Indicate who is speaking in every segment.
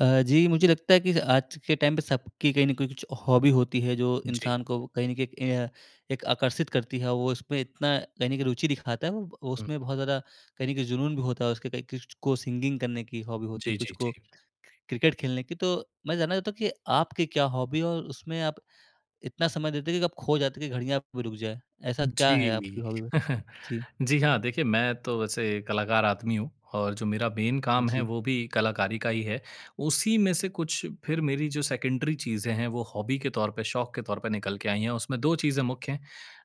Speaker 1: अ, जी मुझे लगता है कि आज के टाइम पे सबकी कहीं न कुछ हॉबी होती है, जो
Speaker 2: जी।
Speaker 1: इंसान को कहीं न कहीं एक ये अ, एक आकर्षित करती है, वो उसपे इतना कहीं न कहीं रुचि दिखाता है वो, वो
Speaker 2: हुँ।
Speaker 1: उसमें बहुत ज़्यादा, कहीं न कहीं जुनून भी होता है, उसके कई किस्ट को सिंगिंग करने की हॉबी होती है,
Speaker 2: जी,
Speaker 1: कुछ
Speaker 2: जी,
Speaker 1: को
Speaker 2: जी।
Speaker 1: क्रिकेट खेलने की, तो मैं जानना चाहता हूँ कि आपकी क्या हॉबी है? और उसमें आप इतना समय देते हो कि आप खो जाते हैं, कि घड़ियाँ आपकी रुक जाए, ऐसा क्या है
Speaker 2: जी।
Speaker 1: आपकी हॉबी? ब जी।
Speaker 2: जी हाँ देखिए, मैं तो वैसे कलाकार आदमी हूँ और जो मेरा मेन काम है,
Speaker 1: जी।
Speaker 2: वो भी कलाकारी का ही है, उसी में से कुछ फिर मेरी जो सेकेंडरी चीज़ें हैं, वो हॉबी के तौर पे, शौक के तौर पे निकल के आई हैं, उसमें 2 चीज़ें मुख्य हैं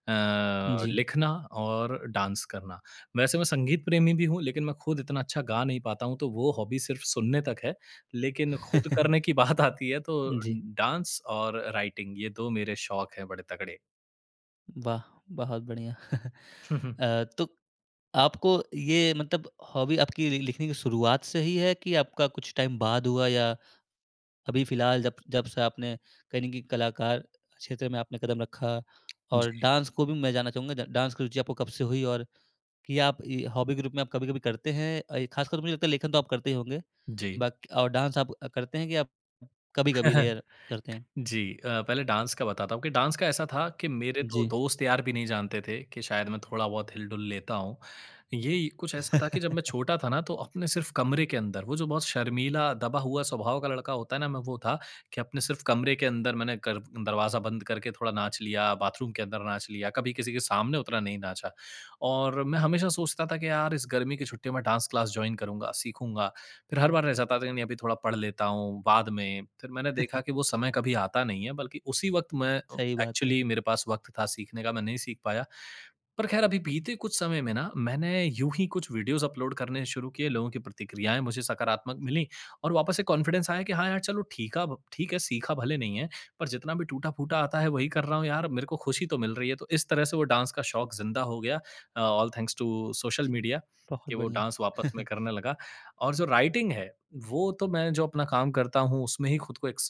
Speaker 2: अ,
Speaker 1: जी।
Speaker 2: लिखना और डांस करना। वैसे मैं संगीत प्रेमी भी हूँ, लेकिन मैं खुद इतना अच्छा गा नहीं पाता हूँ, तो वो हॉबी सिर्फ़ सुनने तक है, लेकिन खुद करने की बात आती है तो,
Speaker 1: जी।
Speaker 2: डांस और राइटिंग ये 2 मेरे शौक है, बड़े तगड़े।
Speaker 1: वाह! बहुत बढ़िया। अ, तो आपको ये मतलब हॉबी आपकी लि लिखने की शुरुआत से ही है, कि आपका कुछ टाइम बाद हुआ या अभी फिलहाल जब जब से आपने कहीं न कहीं कलाकार क्षेत्र में आपने कदम रखा और
Speaker 2: जी।
Speaker 1: डांस को भी मैं जानना चाहूँगा डा डांस की रुचि आपको कब से हुई? और कि आप ये हॉबी के रूप में आप कभी-कभी करते हैं अ, ये खासकर मुझे लगता है लेखन तो आप करते ही होंगे।
Speaker 2: जी।
Speaker 1: बाकी और डांस आप करते हैं कि आप कभी-कभी रेयर करते हैं?
Speaker 2: जी अ, पहले डांस का बताता हूँ, कि डांस का ऐसा था कि मेरे तो
Speaker 1: जी।
Speaker 2: दोस्त-यार भी नहीं जानते थे, कि शायद मैं थोड़ा-बहुत हिल-डुल लेता हूँ। ये कुछ ऐसा था कि जब मैं छोटा था ना, तो अपने सिर्फ़ कमरे के अंदर, वो जो बहुत शर्मीला, दबा हुआ स्वभाव का लड़का होता है ना, मैं वो था कि अपने सिर्फ़ कमरे के अंदर मैंने कर दरवाज़ा बंद करके थोड़ा नाच लिया, बाथरूम के अंदर नाच लिया, कभी किसी के सामने उतना नहीं नाचा। और मैं हमेशा सोचता था कि यार इस गर्मी की छुट्टियों में डांस क्लास जॉइन करूँगा, सीखूँगा, फिर हर बार रह जाता था, कि नहीं, अभी थोड़ा पढ़ लेता हूँ, बाद में। फिर मैंने देखा कि वो समय कभी आता नहीं है बल्कि उसी वक़्त मैं
Speaker 1: सही बात है।
Speaker 2: एक्चुअली मेरे पास वक़्त था सीखने का, मैं नहीं सीख पाया। पर खैर अभी बीते कुछ समय में ना, मैंने यूँ ही कुछ वीडियोज़ अपलोड करने शुरू किए। लोगों की प्रतिक्रियाएँ मुझे सकारात्मक मिलीं और वापस से कॉन्फिडेंस आया कि हाँ, यार चलो ठीकाब ठीक है, सीखा भले नहीं है पर जितना भी टूटा-फूटा आता है, वही कर रहा हूँ यार, मेरे को खुशी तो मिल रही है, तो इस तरह से वो डांस का
Speaker 1: जी।
Speaker 2: शौक जिंदा हो गया। अ, all thanks to social media,
Speaker 1: बहुत
Speaker 2: के वो
Speaker 1: बढ़िया।
Speaker 2: डांस वापस में करने लगा और जो राइटिंग है, वो तो मैं जो अपना काम करता हूँ, उसमें ही खुद को एक्स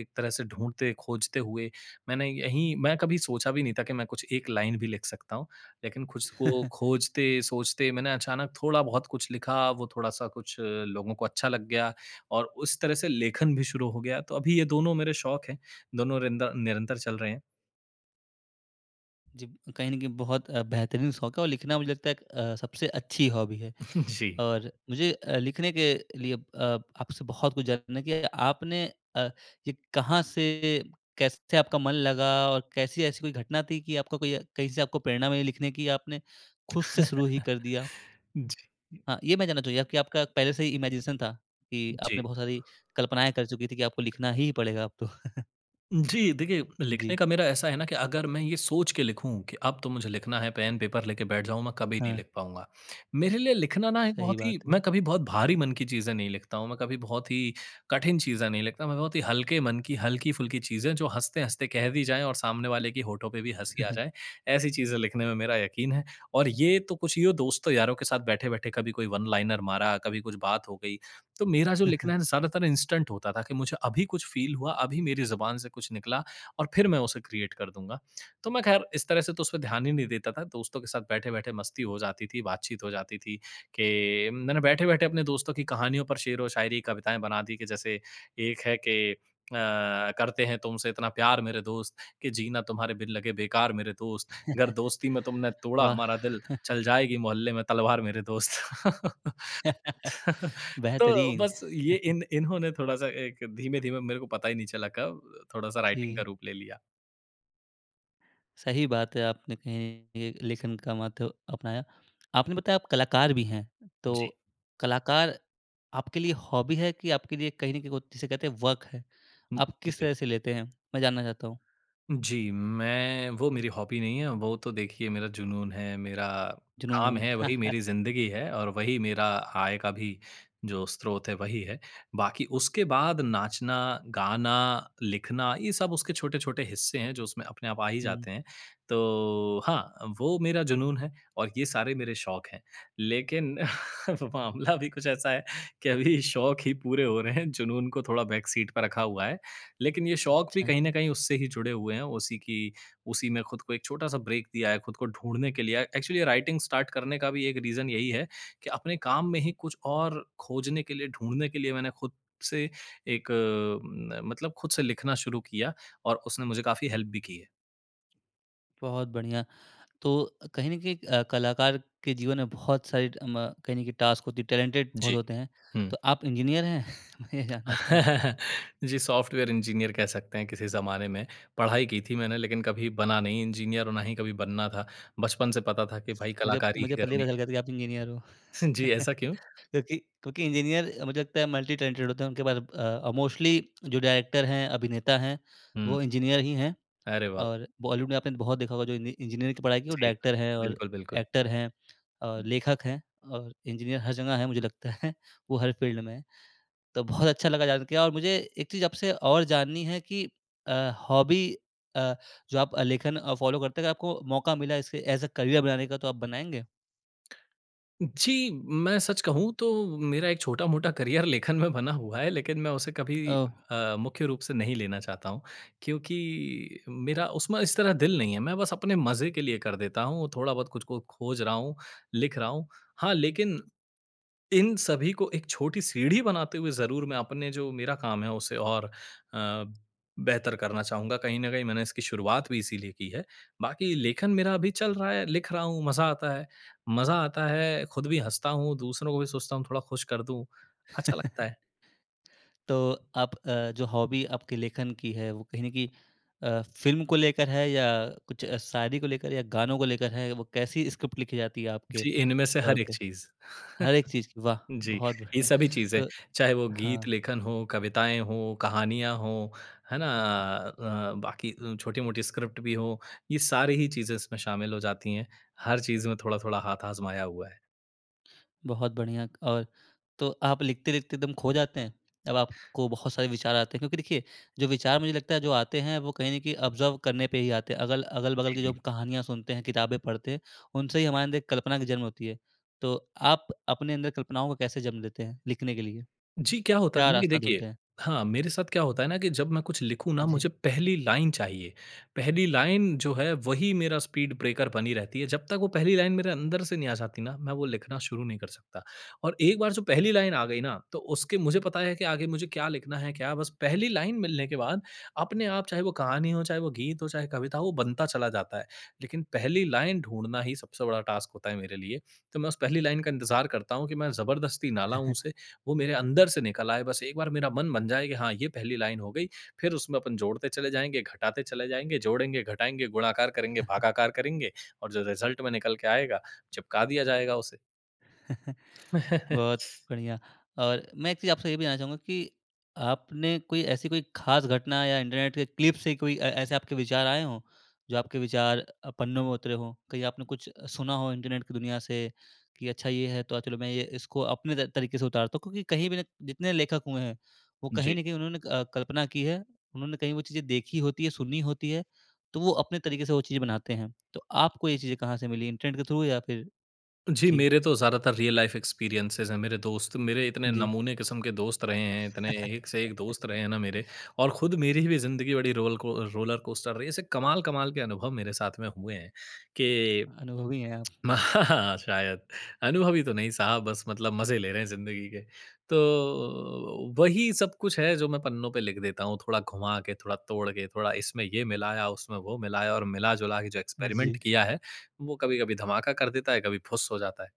Speaker 2: एक तरह से ढूँढते-खोजते हुए मैंने यहीं मैं कभी सोचा भी नहीं था कि मैं कुछ एक लाइन भी लिख सकता हूँ, लेकिन खुश को खोजते-सोचते मैंने अचानक थोड़ा-बहुत कुछ लिखा, वो थोड़ा-सा कुछ लोगों को अच्छा लग गया और उस तरह से लेखन भी शुरू हो गया। तो अभी ये दोनों मेरे शौक है, दोनों रिंद निरंतर चल रहे हैं।
Speaker 1: जी। कहीं न कहीं बहुत अ, बेहतरीन शौक़ है, और लिखना मुझे लगता एक अ, सबसे अच्छी हॉबी है।
Speaker 2: जी।
Speaker 1: और मुझे अ, लिखने के लिए अ, आपसे बहुत कुछ जानना कि आपने अ, ये कहाँ से कैसे आपका मन लगा और कैसी ऐसी कोई घटना थी कि आपको कोई अ, कहीं से आपको प्रेरणा मिली लिखने की, या आपने खुद से शुरू ही कर दिया?
Speaker 2: जी।
Speaker 1: हाँ, ये मैं जानना चाहूँगा या कि आपका पहले से ही इमैजिनेशन था, कि
Speaker 2: जी।
Speaker 1: आपने बहुत सारी कल्पनाएँ कर चुकी थीं कि आपको लिखना ही पड़ेगा अब तो।
Speaker 2: जी, देखिए, लिखने
Speaker 1: जी।
Speaker 2: का मेरा ऐसा है ना कि अगर मैं ये सोच के लिखूँ कि अब तो मुझे लिखना है, पेन, पेपर लेके बैठ जाऊँ, मैं कभी नहीं
Speaker 1: हाँ।
Speaker 2: लिख पाऊँगा। मेरे लिए लिखना ना एक
Speaker 1: सही
Speaker 2: बहुत ही
Speaker 1: बात है।
Speaker 2: मैं कभी बहुत भारी मन की चीज़ें नहीं लिखता हूँ, मैं कभी बहुत ही कठिन चीज़ें नहीं लिखता। मैं बहुत ही हल्के मन की, हल्की-फुल्की चीज़ें जो हँसते-हँसते कह दी जाएँ और सामने वाले की होठों पे भी हँसी आ जाए, ऐसी चीज़ें लिखने में मेरा यक़ीन है। और ये तो कुछ यूँ दोस्तों-यारों के साथ बैठे-बैठे कभी कोई वन लाइनर मारा, कभी कुछ बात हो गई। तो मेरा जो लिखना है ना, ज़्यादातर इंस्टेंट होता था कि मुझे अभी कुछ फ़ील हुआ, अभी मेरी जुबान से कुछ निकला, और फिर मैं उसे क्रिएट कर दूँगा। तो मैं ख़ैर इस तरह से तो उस पे ध्यान ही नहीं देता था। दोस्तों के साथ बैठे-बैठे मस्ती हो जाती थी, बातचीत हो जाती थी, कि मैंने बैठे-बैठे अपने दोस्तों की कहानियों पर शेरो-शायरी, कविताएँ बना दी कि जैसे एक है कि अ, करते हैं तुमसे इतना प्यार मेरे दोस्त, कि जीना तुम्हारे बिन लगे बेकार मेरे दोस्त। गर दोस्ती में तुमने तोड़ा
Speaker 1: वाह!
Speaker 2: हमारा दिल, चल जाएगी मोहल्ले में तलवार मेरे दोस्त। तो
Speaker 1: बेहतरीन।
Speaker 2: बस ये इन इन्होंने थोड़ा-सा एक धीमे-धीमे मेरे को पता ही नहीं चला कब, थोड़ा-सा राइटिंग का
Speaker 1: जी।
Speaker 2: रूप ले लिया।
Speaker 1: सही बात है, आपने कहीं ये लेखन का माध्य अपनाया। आपने बताया आप कलाकार भी हैं,
Speaker 2: जी।
Speaker 1: तो कलाकार आपके लिए हॉबी है कि आपके लिए कहीं न कहीं वो जिसे कहते हैं वर्क है?
Speaker 2: हुँ,
Speaker 1: आप
Speaker 2: उ
Speaker 1: किस
Speaker 2: जी।
Speaker 1: तरह से लेते हैं, मैं जानना चाहता हूँ।
Speaker 2: जी, मैं वो मेरी हॉबी नहीं है, वो तो देखिए मेरा जुनून है, मेरा काम
Speaker 1: जुनून।
Speaker 2: है, वही मेरी ज़िन्दगी है, और वही मेरा आय का भी जो स्रोत है, वही है। बाकी उसके बाद नाचना, गाना, लिखना, ये सब उसके छोटे-छोटे हिस्से हैं, जो उसमें अपने आप आ ही
Speaker 1: हुँ।
Speaker 2: जाते हैं। तो हाँ अ, वो मेरा जुनून है और ये सारे मेरे शौक़ हैं। लेकिन मामला भी कुछ ऐसा है कि अभी शौक ही पूरे हो रहे हैं, जुनून को थोड़ा बैक सीट पर रखा हुआ है। लेकिन ये शौक़ भी
Speaker 1: अच्छा।
Speaker 2: कहीं न कहीं उससे ही जुड़े हुए हैं, उसी की उसी में खुद को एक छोटा-सा ब्रेक दिया है खुद को ढूँढ़ने के लिए। अ, एक्चुअली ये राइटिंग स्टार्ट करने का भी एक रीज़न यही है कि अपने काम में ही कुछ और खोजने के लिए, ढूँढ़ने के लिए, मैंने खुद से एक न मतलब खुद से लिखना शुरू किया, और उसने मुझे काफ़ी हेल्प भी की है।
Speaker 1: बहुत बढ़िया। तो कहीं न कहीं एक अ, कलाकार के जीवन में बहुत सारी अ, म कहीं न कहीं टास्क होती टैलेंटेड बहुत
Speaker 2: जी।
Speaker 1: होते हैं।
Speaker 2: हुँ।
Speaker 1: तो आप इंजीनियर हैं? मैं ये जानना चाहूँगा।
Speaker 2: जी सॉफ़्टवेयर इंजीनियर कह सकते हैं किसी ज़माने में। पढ़ाई की थी मैंने लेकिन कभी बना नहीं इंजीनियर और ना ही कभी बनना था। बचपन से पता था कि भई
Speaker 1: मुझे
Speaker 2: कलाकारी ही
Speaker 1: मुझे पहले ही
Speaker 2: करनी
Speaker 1: पता चल
Speaker 2: है।
Speaker 1: गया था कि आप इंजीनियर हो।
Speaker 2: जी, ऐसा क्यों?
Speaker 1: क्योंकि क्योंकि इंजीनियर अ, मुझे लगता है मल्टी-टैलेंटेड होते हैं। उनके पास अ अ, मोस्टली जो डायरेक्टर हैं, अभिनेता हैं,
Speaker 2: हुँ।
Speaker 1: वो इंजीनियर ही हैं
Speaker 2: अरे वाह, वाह!
Speaker 1: और बॉलीवुड में आपने बहुत देखा होगा जो इनी इंजीनियरिंग की पढ़ाई की और
Speaker 2: जी हाँ।
Speaker 1: डायरेक्टर हैं और
Speaker 2: बिल्कुल, बिल्कुल।
Speaker 1: एक्टर हैं और
Speaker 2: हुँ।
Speaker 1: लेखक हैं और इंजीनियर हर जगह हैं। मुझे लगता है वो हर फ़ील्ड में हैं। तो बहुत अच्छा लगा जान के और मुझे एक चीज़ आपसे और जाननी है कि अ, हॉबी अ, जो आप अ, लेखन अ, फॉलो करते हैं अगर आपको मौका मिला इसे एज़ अ करियर बनाने का तो आप बनाएँगे?
Speaker 2: जी, मैं सच कहूँ तो मेरा एक छोटा-मोटा करियर लेखन में बना हुआ है लेकिन मैं उसे कभी
Speaker 1: ओह!
Speaker 2: अ, मुख्य रूप से नहीं लेना चाहता हूँ क्योंकि मेरा उसमें इस तरह दिल नहीं है। मैं बस अपने मज़े के लिए कर देता हूँ थोड़ा बहुत कुछ को खोज रहा हूँ लिख रहा हूँ। हाँ, लेकिन इन सभी को एक छोटी सीढ़ी बनाते हुए ज़रूर मैं अपने जो मेरा काम है उसे और अ, बेहतर करना चाहूँगा। कहीं न कहीं मैंने इसकी शुरुआत भी इसीलिए की है। बाकी लेखन मेरा अभी चल रहा है लिख रहा हूँ मज़ा आता है। मज़ा आता है ख़ुद भी हँसता हूँ दूसरों को भी सोचता हूँ थोड़ा खुश कर दूँ। अच्छा लगता है।
Speaker 1: तो आप अ, जो हॉबी आपके लेखन की है वो कहीं न कहीं अ, फ़िल्म को लेकर है या कुछ शायरी को लेकर या गानों को लेकर है वो कैसी स्क्रिप्ट लिखी जाती है आपके
Speaker 2: जी, इनमें से
Speaker 1: तौर
Speaker 2: हर एक
Speaker 1: पे?
Speaker 2: चीज़।
Speaker 1: हर एक चीज़ की, वाह!
Speaker 2: जी।
Speaker 1: बहुत
Speaker 2: ये
Speaker 1: बढ़िया।
Speaker 2: सभी चीज़ें
Speaker 1: तो
Speaker 2: चाहे वो गीत
Speaker 1: हाँ।
Speaker 2: लेखन हो, कविताएँ हों, कहानियाँ हों है ना? अ, बाकी अ, छोटी-मोटी स्क्रिप्ट भी हों। ये सारी ही चीज़ें इसमें शामिल हो जाती हैं। हर चीज़ में थोड़ा-थोड़ा हाथ आज़माया हुआ है।
Speaker 1: बहुत बढ़िया, और तो आप लिखते-लिखते एकदम खो जाते हैं? जब अब आपको बहुत सारे विचार आते हैं क्योंकि देखिए जो विचार मुझे लगता है जो आते हैं वो कहीं न कहीं ऑब्ज़र्व करने पे ही आते हैं। अगल अगल-बगल
Speaker 2: जी,
Speaker 1: की जो
Speaker 2: जी।
Speaker 1: कहानियाँ सुनते हैं किताबें पढ़ते उनसे ही हमारे अंदर एक कल्पना का जन्म होती है। तो आप अपने अंदर कल्पनाओं को कैसे जन्म देते हैं? लिखने के लिए,
Speaker 2: जी। क्या होता
Speaker 1: क्या
Speaker 2: है ना कि
Speaker 1: रास्ता ढूँढते
Speaker 2: देखिए,
Speaker 1: हैं?
Speaker 2: हाँ मेरे साथ क्या होता है ना कि जब मैं कुछ लिखूँ ना
Speaker 1: जी।
Speaker 2: मुझे पहली लाइन चाहिए। पहली लाइन जो है वही मेरा स्पीड ब्रेकर बनी रहती है। जब तक वो पहली लाइन मेरे अंदर से नहीं आ जाती ना मैं वो लिखना शुरू नहीं कर सकता। और एक बार जो पहली लाइन आ गई ना तो उसके मुझे पता है कि आगे मुझे क्या लिखना है क्या बस पहली लाइन मिलने के बाद अपने आप चाहे वो कहानी हो, चाहे वो गीत, चाहे कविता हो, वो बनता चला जाता है। लेकिन पहली लाइन ढूँढना ही सबसे बड़ा टास्क होता है मेरे लिए। तो मैं उस पहली लाइन का इंतजार करता हूँ कि मैं जबरदस्ती ना लाऊँ उसे वो मेरे अंदर से निकल आए बस एक बार मेरा मन बन जाए कि हाँ ये पहली लाइन हो गई। फ़िर उसमें अपन जोड़ते चले जाएँगे घटाते चले जाएँगे जोड़ेंगे घटाएँगे गुणाकार करेंगे, भागाकार करेंगे और जो रिजल्ट में निकल के आएगा चिपका दिया जाएगा उसे।
Speaker 1: बहुत बढ़िया। और मैं एक चीज़ आपसे ये भी जानना चाहूँगा कि आपने कोई ऐसी कोई ख़ास घटना या इंटरनेट के क्लिप से कोई ऐ ऐसे आपके विचार आए हों जो आपके विचार अ, पन्नों में उतरे हो। कहीं आपने कुछ सुना हो इंटरनेट की दुनिया से कि अच्छा ये है तो आज चलो मैं ये इसको अपने त तरीके से उतारता हूँ। क्योंकि कहीं भी ना जितने लेखक हुए हैं वो कहीं
Speaker 2: जी।
Speaker 1: न कहीं उन्होंने अ, कल्पना की है। उन्होंने कहीं वो चीज़ें देखी होती है, सुनी होती है तो वो अपने तरीके से वो चीज़ें बनाते हैं। तो आपको ये चीज़ें कहाँ से मिली इंटरनेट के थ्रू या फ़िर
Speaker 2: जी
Speaker 1: जी।
Speaker 2: मेरे तो ज़्यादातर रियल लाइफ़ एक्सपीरियंसेज़ है। मेरे दोस्त मेरे इतने
Speaker 1: जी।
Speaker 2: नमूने किस्म के दोस्त रहे हैं। इतने एक से एक दोस्त रहे हैं ना मेरे और खुद मेरी भी ज़िंदगी बड़ी रोल को रोलर कोस्टर रही है। ऐसे कमाल-कमाल के अनुभव मेरे साथ में हुए हैं कि
Speaker 1: अनुभवी है आप।
Speaker 2: शायद अनुभवी तो नहीं साहब बस मतलब मज़े ले रहे हैं ज़िंदगी के। तो वही सब कुछ है जो मैं पन्नों पे लिख देता हूँ थोड़ा घुमा के थोड़ा तोड़ के थोड़ा इसमें ये मिलाया उसमें वो मिलाया और मिला जुला के जो एक्सपेरिमेंट
Speaker 1: जी।
Speaker 2: किया है वो कभी-कभी धमाका कर देता है कभी फुस्स हो जाता है।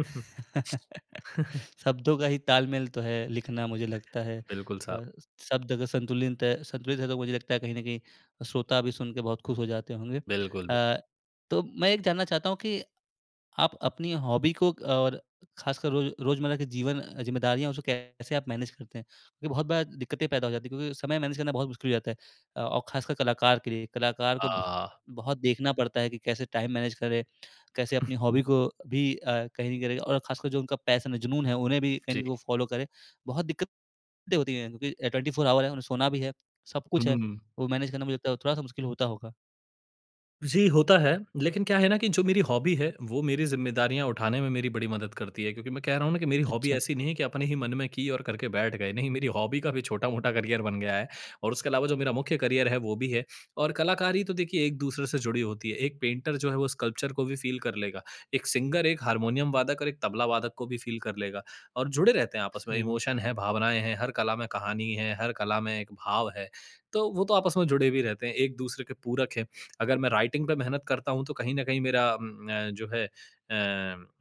Speaker 1: शब्दों का ही तालमेल तो है लिखना मुझे लगता है।
Speaker 2: बिल्कुल साहब।
Speaker 1: और शब्द अगर संतुलिंत है संतुलित है तो मुझे लगता है कहीं न कहीं श्रोता भी सुनके बहुत खुश हो जाते होंगे।
Speaker 2: बिल्कुल।
Speaker 1: अ, तो मैं एक जानना चाहता हूँ कि आप अपनी हॉबी को और ख़ासकर रोज़ रोज़मर्रा के जीवन अ, जिम्मेदारियाँ उसे कैसे आप मैनेज करते हैं? क्योंकि बहुत बार दिक्कतें पैदा हो जाती है क्योंकि समय मैनेज करना बहुत मुश्किल हो जाता है और ख़ासकर कलाकार के लिए कलाकार को बहुत
Speaker 2: हाँ।
Speaker 1: बहुत देखना पड़ता है कि कैसे टाइम मैनेज करें। कैसे अपनी
Speaker 2: [unintelligible]
Speaker 1: हॉबी को भी अ, कैरी करें और ख़ासकर जो उनका पैशन है, जुनून है, उन्हें भी कहीं न
Speaker 2: जी।
Speaker 1: कहीं वो फॉलो करें। बहुत दिक्कतें होती है क्योंकि 24 आवर है उन्हें सोना भी है सब
Speaker 2: हुँ,
Speaker 1: कुछ है।
Speaker 2: हुँ।
Speaker 1: वो मैनेज करना मुझे लगता है थोड़ा-सा मुश्किल होता होगा।
Speaker 2: जी, होता है। लेकिन क्या है ना कि जो मेरी हॉबी है, वो मेरी ज़िम्मेदारियाँ उठाने में मेरी बड़ी मदद करती है क्योंकि मैं कह रहा हूँ ना कि मेरी हॉबी
Speaker 1: अच्छा।
Speaker 2: ऐसी नहीं है कि अपने ही मन में की और करके बैठ गए। नहीं, मेरी हॉबी का भी छोटा-मोटा करियर बन गया है और उसके अलावा जो मेरा मुख्य करियर है, वो भी है और कलाकारी तो देखिए, एक-दूसरे से जुड़ी होती है। एक पेंटर जो है, वो स्कल्पचर को भी फ़ील कर लेगा, एक सिंगर, एक हारमोनियम वादक और एक तबला वादक को भी फ़ील कर लेगा और जुड़े रहते हैं आपस में,
Speaker 1: सही बात।
Speaker 2: इमोशन हैं, भावनाएँ हैं, हर कला में कहानी है, हर कला में एक भाव है, तो वो तो आपस में जुड़े भी रहते हैं, एक-दूसरे के पूरक हैं। अगर मैं राइटिंग पे मेहनत करता हूँ, तो कहीं न कहीं मेरा उम अ, जो है अ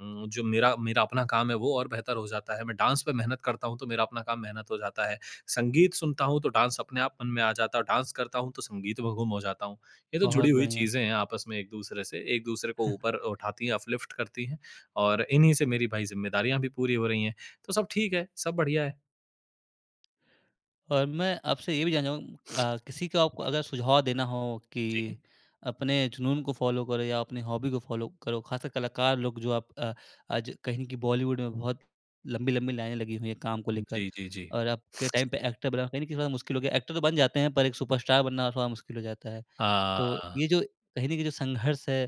Speaker 2: उम, जो मेरा मेरा अपना काम है, वो और बेहतर हो जाता है, मैं डांस पे मेहनत करता हूँ, तो मेरा अपना काम मेहनत हो जाता है। संगीत सुनता हूँ, तो डांस अपने आप मन में आ जाता है और डांस करता हूँ, तो संगीत में गुम हो जाता हूँ। ये तो जुड़ी
Speaker 1: बहुत
Speaker 2: हुई
Speaker 1: बढ़िया।
Speaker 2: चीज़ें हैं आपस में एक-दूसरे से, एक-दूसरे को ऊपर उठाती हैं, अपलिफ्ट करती हैं और इन्हीं से मेरी भाई, ज़िम्मेदारियाँ भी पूरी हो रही हैं। तो सब ठीक है, सब बढ़िया है।
Speaker 1: और मैं आपसे ये भी जानना चाहूँग अ, किसी को आपको अगर सुझाव देना हो, कि
Speaker 2: जी।
Speaker 1: अपने जुनून को फ़ॉलो करो या अपनी हॉबी को फ़ॉलो करो। खासकर कलाकार लोग जो आप अ, आज कहें कि बॉलीवुड में बहुत लंबी-लंबी लाइनें लगी हुई हैं काम को लेकर
Speaker 2: जी, जी, जी।
Speaker 1: और अब के टाइम पे एक्टर बनना कहीं न कहीं थोड़ा मुश्किल हो गया है। एक्टर तो बन जाते हैं, पर एक सुपरस्टार बनना थोड़ा मुश्किल हो जाता है। तो
Speaker 2: हाँ।
Speaker 1: ये जो कही न कहीं जो संघर्ष है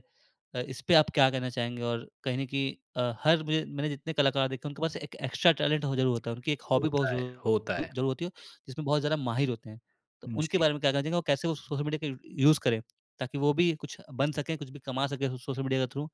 Speaker 1: अ, इसपे आप क्या कहना चाहेंगे? और कहीं न कहीं अ, हर मुझे मैंने जितने कलाकार देखे हैं, उनके पास एक एक्स्ट्रा टैलेंट हो ज़रूर होता है। उनकी एक हॉबी बहुत
Speaker 2: होता है,
Speaker 1: ज़रू
Speaker 2: होता
Speaker 1: अ,
Speaker 2: है।
Speaker 1: ज़रूर होती है, जिसमें बहुत ज़्यादा माहिर होते हैं। तो उनके
Speaker 2: जी।
Speaker 1: बारे में क्या कहना चाहेंगे, वो कैसे वो सोशल मीडिया का यू यूज़ करें? ताकि वो भी कुछ बन सकें, कुछ भी कमा सकें सो सोशल मीडिया के थ्रू?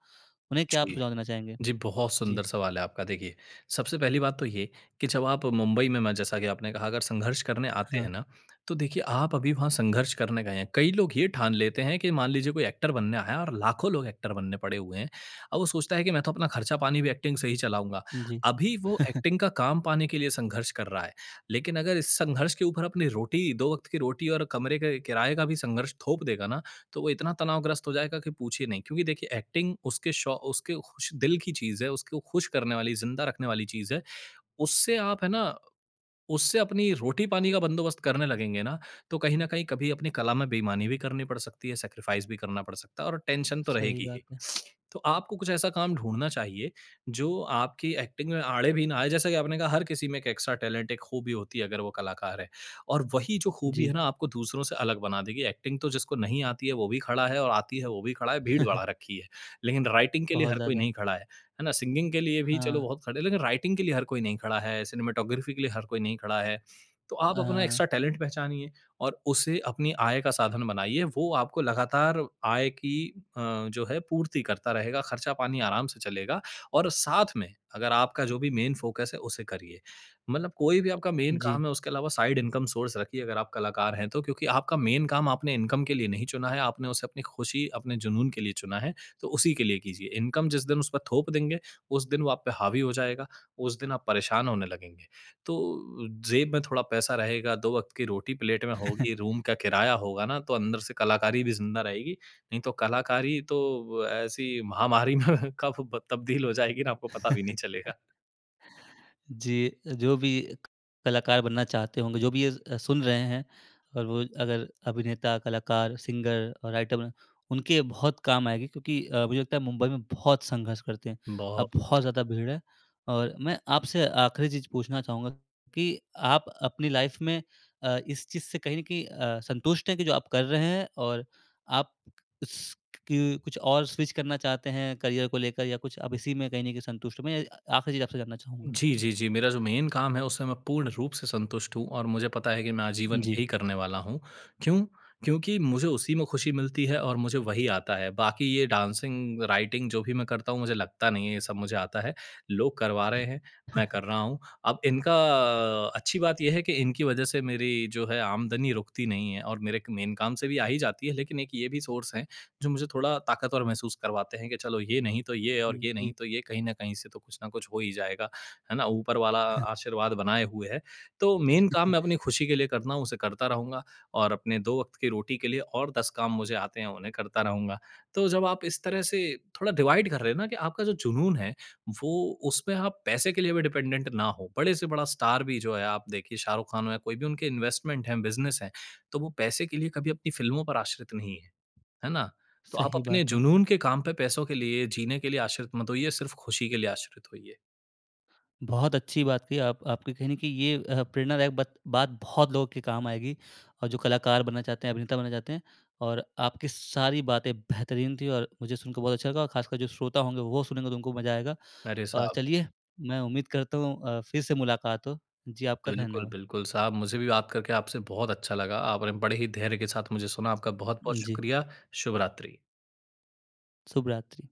Speaker 1: उन्हें क्या आप
Speaker 2: जी।
Speaker 1: सुझाव देना चाहेंगे?
Speaker 2: जी, बहुत
Speaker 1: जी।
Speaker 2: सुंदर सवाल है आपका। देखिए, सबसे पहली बात तो ये कि जब आप मुंबई में, मैं जैसा कि आपने कहा, अगर संघर्ष करने आते
Speaker 1: हाँ।
Speaker 2: हैं ना, तो देखिए, आप अभी वहाँ संघर्ष करने गए हैं। कई लोग ये ठान लेते हैं कि, मान लीजिए, कोई एक्टर बनने आया है और लाखों लोग एक्टर बनने पड़े हुए हैं और वो सोचता है कि, "मैं तो अपना खर्चा-पानी भी एक्टिंग से ही चलाऊँगा।"
Speaker 1: जी।
Speaker 2: अभी वो एक्टिंग का काम पाने के लिए संघर्ष कर रहा है, लेकिन अगर इस संघर्ष के ऊपर अपनी रोटी दो वक़्त की रोटी और कमरे के किराए का भी संघर्ष थोप देगा ना, तो वो इतना तनाव ग्रस्त हो जाएगा कि पूछिए नहीं। क्योंकि देखिए, एक्टिंग उसके शौ उसके खुश दिल की चीज़ है, उसको खुश करने वाली, ज़िंदा रखने वाली चीज़ है। उससे आप है ना, उससे अपनी रोटी-पानी का बंदोबस्त करने लगेंगे ना, तो कहीं न कहीं कभी अपनी कला में बेईमानी भी करनी पड़ सकती है, सैक्रिफ़ाइज़ भी करना पड़ सकता है और टेंशन तो
Speaker 1: सही
Speaker 2: रहेगी ही।
Speaker 1: बात है।
Speaker 2: तो आपको कुछ ऐसा काम ढूँढ़ना चाहिए, जो आपकी एक्टिंग में आड़े भी ना आए, जैसा कि आपने कहा, हर किसी में एक एक्स्ट्रा टैलेंट, एक खूबी होती है, अगर वो कलाकार है और वही जो खूबी है
Speaker 1: जी।
Speaker 2: ना, आपको दूसरों से अलग बना देगी। एक्टिंग तो जिसको नहीं आती है, वो भी खड़ा है और आती है, वो भी खड़ा है, भीड़ बढ़ा रखी है, लेकिन राइटिंग के लिए
Speaker 1: बहुत
Speaker 2: हर कोई
Speaker 1: ज़्यादा।
Speaker 2: नहीं खड़ा है। है ना? सिंगिंग के लिए भी, चलो,
Speaker 1: हाँ।
Speaker 2: बहुत खड़े हैं, लेकिन राइटिंग के लिए हर कोई नहीं खड़ा है, सिनेमेटोग्राफ़ी के लिए हर कोई नहीं खड़ा है। तो आप अपना एक्स्ट्रा
Speaker 1: हाँ।
Speaker 2: टैलेंट पहचानिए और उसे अपनी आय का साधन बनाइए, वो आपको लगातार आय की अ, जो है, पूर्ति करता रहेगा, खर्चा-पानी आराम से चलेगा और साथ में अगर आपका जो भी मेन फ़ोकस है, उसे करिए। मतलब कोई भी आपका मेन
Speaker 1: जी।
Speaker 2: काम है, उसके अलावा साइड इनकम सोर्स रखिए, अगर आप कलाकार हैं तो, क्योंकि आपका मेन काम आपने इनकम के लिए नहीं चुना है। आपने उसे अपनी खुशी, अपने जुनून के लिए चुना है, तो उसी के लिए कीजिए, इनकम जिस दिन उस पर थोप देंगे, उस दिन वो आप पे हावी हो जाएगा, उस दिन आप परेशान होने लगेंगे। तो, जेब में थोड़ा पैसा रहेगा, दो वक़्त की रोटी प्लेट में होगी, रूम का किराया होगा ना, तो अंदर से कलाकारी भी ज़िंदा रहेगी। नहीं, तो कलाकारी तो ऐसी महामारी में कब ब तब्दील हो जाएगी ना, आपको पता भी नहीं चलेगा।
Speaker 1: जी अ, जो भी एक कलाकार बनना चाहते होंगे, जो भी ये अ, सुन रहे हैं और वो अगर अभिनेता, कलाकार, सिंगर और राइटर बन उनके बहुत काम आएगी क्योंकि अ, मुझे लगता है, मुंबई में बहुत संघर्ष करते हैं,
Speaker 2: बहुत।
Speaker 1: अब बहुत ज़्यादा भीड़ है। और मैं आपसे आख़िरी चीज़ पूछना चाहूँगा कि आप अपनी लाइफ़ में अ, इस चीज़ से कहीं न कहीं अ, संतुष्ट हैं कि जो आप कर रहे हैं और आप क अस्क क कुछ और स्विच करना चाहते हैं करियर को लेकर या कुछ आप इसी में कहीं न कहीं संतुष्ट मैं आख़िरी चीज़ आपसे जानना चाहूँगा?
Speaker 2: जी, जी, जी, मेरा जो मेन काम है, उससे मैं पूर्ण रूप से संतुष्ट हूँ और मुझे पता है कि मैं आजीवन
Speaker 1: जी।
Speaker 2: यही करने वाला हूँ। क्यों? क्योंकि मुझे उसी में खुशी मिलती है और मुझे वही आता है। बाकी ये डांसिंग, राइटिंग, जो भी मैं करता हूँ, मुझे लगता नहीं है, ये सब मुझे आता है, लोग करवा रहे हैं, मैं कर रहा हूँ। अब इनका अच्छी बात ये है कि इनकी वजह से मेरी जो है, आमदनी रुकती नहीं है और मेरे एक मेन काम से भी आ ही जाती है, लेकिन एक ये भी सोर्स हैं, जो मुझे थोड़ा ताकत और महसूस करवाते हैं कि चलो, ये नहीं, तो ये और
Speaker 1: हुँ,
Speaker 2: ये
Speaker 1: जी।
Speaker 2: नहीं, तो ये, कहीं न कहीं से तो कुछ न कुछ हो ही जाएगा, है ना? ऊपर वाला आशीर्वाद बनाए हुए है। तो मेन काम मैं अपनी खुशी के लिए करता हूँ, उसे करता रहूँगा और अपने दो वक़्त की रोटी के लिए और 10 काम मुझे आते हैं, उन्हें करता रहूँगा। तो जब आप इस तरह से थोड़ा डिवाइड कर रहे हो ना कि आपका जो जुनून है, वो उसमें आप पैसे के लिए भी डिपेंडेंट ना हो, बड़े से बड़ा स्टार भी जो है, आप देखिए शाहरुख खान हैं, कोई भी उनके इन्वेस्टमेंट हैं, बिज़नेस हैं, तो वो पैसे के लिए कभी अपनी फ़िल्मों पर आश्रित नहीं हैं। है ना? तो आप
Speaker 1: सही
Speaker 2: अपने
Speaker 1: बात है।
Speaker 2: जुनून के काम पे पैसों के लिए, जीने के लिए आश्रित मत होइए, सिर्फ़ खुशी के लिए आश्रित होइए।
Speaker 1: बहुत अच्छी बात कही, आप आपकी कहीं न कहीं ये अ, प्रेरणादायक बत बात बहुत लोगों के काम आएगी और जो कलाकार बनना चाहते हैं, अभिनेता बनना चाहते हैं और आपकी सारी बातें बेहतरीन थी और मुझे सुनकर बहुत अच्छा लगा और खासकर जो श्रोता होंगे, वो सुनेंगे, तो उनको मज़ा आएगा।
Speaker 2: अरे,
Speaker 1: अ,
Speaker 2: साहब।
Speaker 1: चलिए, मैं उम्मीद करता हूँ अ, फिर से मुलाकात हो। जी, आपका
Speaker 2: बिल्कुल,
Speaker 1: धन्यवाद।
Speaker 2: बिल्कुल साहब, मुझे भी बात करके आपसे बहुत अच्छा लगा, आपने बड़े ही धैर्य के साथ मुझे सुना। आपका बहुत-बहुत
Speaker 1: जी।
Speaker 2: शुक्रिया। शुभ रात्रि।
Speaker 1: शुभरात्रि।